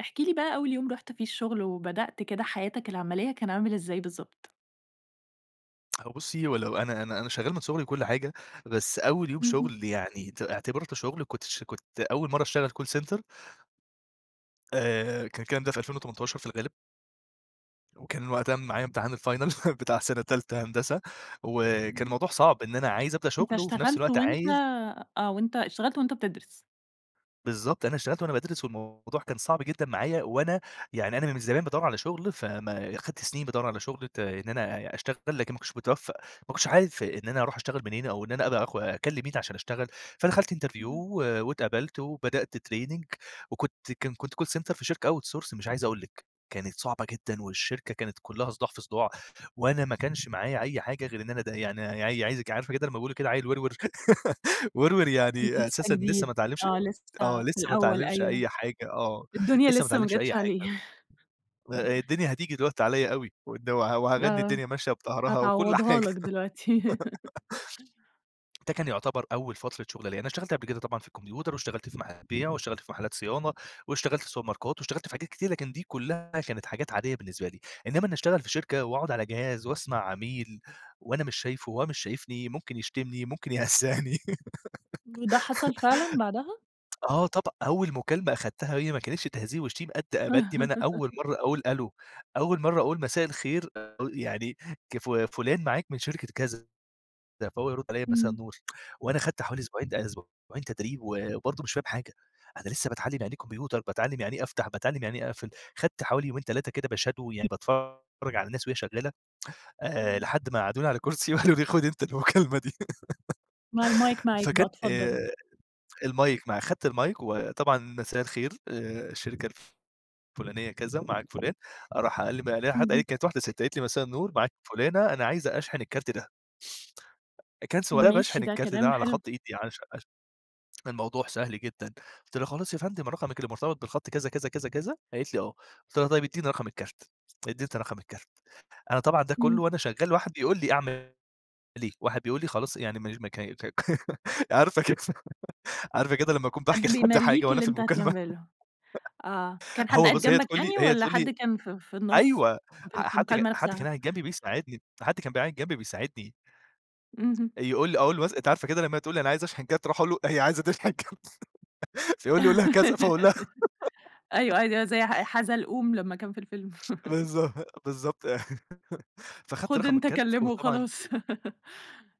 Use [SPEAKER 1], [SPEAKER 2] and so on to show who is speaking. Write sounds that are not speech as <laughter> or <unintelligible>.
[SPEAKER 1] احكِ لي بقى أول يوم رُحت فيه الشغل وبدأت كده حياتك العملية، كان عامل إزاي بالضبط؟
[SPEAKER 2] هو بُصي ولو أنا أنا أنا شغال من صغري وكل حاجة، بس أول يوم
[SPEAKER 1] اهم.
[SPEAKER 2] شغل يعني ت اعتبرته شغل، كنت ش كنت أول مرّة اشتغل Call center آآ، كان الكلام ده في 2018 في الغالب. وكان وقتها معايا إمتحان الFinal <chuckles> بتاع سنة تالتة هندسة، وكان
[SPEAKER 1] اهم.
[SPEAKER 2] الموضوع صعب إن أنا عايز أبدأ
[SPEAKER 1] أنت
[SPEAKER 2] شغل، وفي نفس
[SPEAKER 1] اشتغلت
[SPEAKER 2] الوقت
[SPEAKER 1] وأنت
[SPEAKER 2] عايز
[SPEAKER 1] آه وأنت اشتغلت وأنت بتدرس؟
[SPEAKER 2] بالضبط أنا اشتغلت وأنا بادرس والموضوع كان صعب جدًا معايا وأنا، يعني أنا من زمان بادوّر على شغل، فما خدت سنين بادوّر على شغل ت إن أنا أ أشتغل لكن ما كنتش متوفق، ما كنتش عارف إن أنا أروح أشتغل منين أو إن أنا أبقى أخ أكلم مين عشان أشتغل. فدخلت Interview
[SPEAKER 1] اهم.
[SPEAKER 2] و واتقبلت وبدأت Training وكنت كان كنت Call center في شركة Out source مش عايز أقول لِك. كانت صعبة جدًا والشركة كانت كلها صداع في صداع، وأنا ما كانش معايا أي حاجة غير إن أنا ده يعني ع عايزك عارفة كده لما بيقولوا كده عيل ورور <giggles> ورور
[SPEAKER 1] آه كنت
[SPEAKER 2] يعني
[SPEAKER 1] لسه
[SPEAKER 2] أساسًا لسه
[SPEAKER 1] جديد،
[SPEAKER 2] ما اتعلمش
[SPEAKER 1] آه
[SPEAKER 2] آه
[SPEAKER 1] لسه في
[SPEAKER 2] لسه ما
[SPEAKER 1] الأول،
[SPEAKER 2] اتعلمش
[SPEAKER 1] أيوه،
[SPEAKER 2] أي حاجة آه،
[SPEAKER 1] الدنيا
[SPEAKER 2] لسه ما
[SPEAKER 1] لسه ما
[SPEAKER 2] اتعلمش أي
[SPEAKER 1] جاتش عليه
[SPEAKER 2] حاجة آآ
[SPEAKER 1] <laughs>
[SPEAKER 2] الدنيا هتيجي دلوقتي عليّا أوي، وإن و وهاغني
[SPEAKER 1] آه،
[SPEAKER 2] الدنيا ماشية بضهرها وكل
[SPEAKER 1] هتعوضها
[SPEAKER 2] حاجة
[SPEAKER 1] لك دلوقتي
[SPEAKER 2] <giggles>
[SPEAKER 1] <laughs>
[SPEAKER 2] ده كان يعتبر أول فترة شغل ليا، أنا اشتغلت قبل كده طبعًا في الكمبيوتر، واشتغلت في محل بيع واشتغلت في محلات صيانة، واشتغلت في سوبر ماركات واشتغلت في حاجات كتير لكن دي كلها كانت حاجات عادية بالنسبة لي. إنما إني اشتغل في شركة وأقعد على جهاز، وأسمع عميل وأنا مش شايفه، وهو مش شايفني، ممكن يشتمني، ممكن يهزأني
[SPEAKER 1] وده حصل فعلًا بعدها؟
[SPEAKER 2] <giggles> آه طبع أول مكالمة أخدتها هي ماكانتش تهزيء وشتيمة قد ب قد ما أنا أول
[SPEAKER 1] <laughs>
[SPEAKER 2] مرّة أقول ألو، أول مرّة أقول مساء الخير يعني ك ف فلان معاك من شركة كذا. فهو يرد عليّا مساء
[SPEAKER 1] إمم.
[SPEAKER 2] النور <tsk> وأنا خدت حوالي أسبوعين ده أسبوعين تدريب وبرضه مش فاهم حاجة! أنا لسه باتعلم يعني إيه كمبيوتر، باتعلم يعني إيه أفتح، باتعلم يعني إيه أقفل. خدت حوالي يومين 3 كده باshadow يعني باتفرج على الناس وهي شغالة، آآ
[SPEAKER 1] اهم.
[SPEAKER 2] لحد ما قعدوني على كرسي وقالوا لي خُد أنت المكالمة دي
[SPEAKER 1] ما المايك
[SPEAKER 2] <giggles>
[SPEAKER 1] معاك بقى
[SPEAKER 2] فكان
[SPEAKER 1] اتفضل.
[SPEAKER 2] آآ، المايك معايا، خدت المايك وطبعًا مساء الخير، آآ، الشركة الفلانية كذا معاك فلان، راح قال لي <unintelligible> حد
[SPEAKER 1] اهم.
[SPEAKER 2] قالت كانت واحدة سِت، قالت لي: "مساء النور معاك فلانة أنا عايزة أشحن الكارت ده." <unintelligible> باشحن
[SPEAKER 1] ماشي ده
[SPEAKER 2] الكارت ده
[SPEAKER 1] كلام
[SPEAKER 2] على
[SPEAKER 1] حلو.
[SPEAKER 2] خط إيدي عش عش الموضوع سهل جدًا، قُلت لها: "خلاص يا فندم رقمِك اللي مرتبط بالخط كذا كذا كذا كذا؟" قالت لي: "آه." قُلت لها: "طيب اديني رقم الكارت." اديتني رقم الكارت. أنا طبعًا ده
[SPEAKER 1] إمم.
[SPEAKER 2] كله وأنا شغال واحد بيقول لي أعمل إيه واحد بيقول لي خلاص يعني ما ما ك عارفة كده <giggles> عارفة كده لما أكون
[SPEAKER 1] حد
[SPEAKER 2] باحكِي لحد حاجة
[SPEAKER 1] بيمليك
[SPEAKER 2] وأنا
[SPEAKER 1] اللي
[SPEAKER 2] في
[SPEAKER 1] أنت
[SPEAKER 2] المكالمة
[SPEAKER 1] هتعمله، آه،
[SPEAKER 2] <giggles>
[SPEAKER 1] كان حد
[SPEAKER 2] هو
[SPEAKER 1] قاعد
[SPEAKER 2] بُص، هي
[SPEAKER 1] جنبك
[SPEAKER 2] تقول لي
[SPEAKER 1] يعني
[SPEAKER 2] هي
[SPEAKER 1] والَّا
[SPEAKER 2] تقول لي
[SPEAKER 1] حد كان في في النُص
[SPEAKER 2] أيوه
[SPEAKER 1] في الك
[SPEAKER 2] حد ج
[SPEAKER 1] المكالمة
[SPEAKER 2] حد كان
[SPEAKER 1] نفسها؟
[SPEAKER 2] قاعد جنبي بيساعدني، حد كان بيبقى قاعد جنبي بيساعدني.
[SPEAKER 1] اهم.
[SPEAKER 2] يقول لي أقول له مثلًا أنتِ عارفة كده لما هي تقول لي أنا عايزة اشحن كارت أروح أقول له هي عايزة تشحن كارت <giggles> فيقول لي قُل لها كذا، فأقول لها
[SPEAKER 1] <giggles> أيوه أيو
[SPEAKER 2] <giggles>
[SPEAKER 1] زي ح حزلقوم لما كان في الفيلم <laughs>
[SPEAKER 2] بالضبط، بالضبط <laughs> فخدت
[SPEAKER 1] خد
[SPEAKER 2] رقم
[SPEAKER 1] أنت
[SPEAKER 2] الكارت
[SPEAKER 1] كلمه
[SPEAKER 2] وطبعًا
[SPEAKER 1] وخلاص <laughs>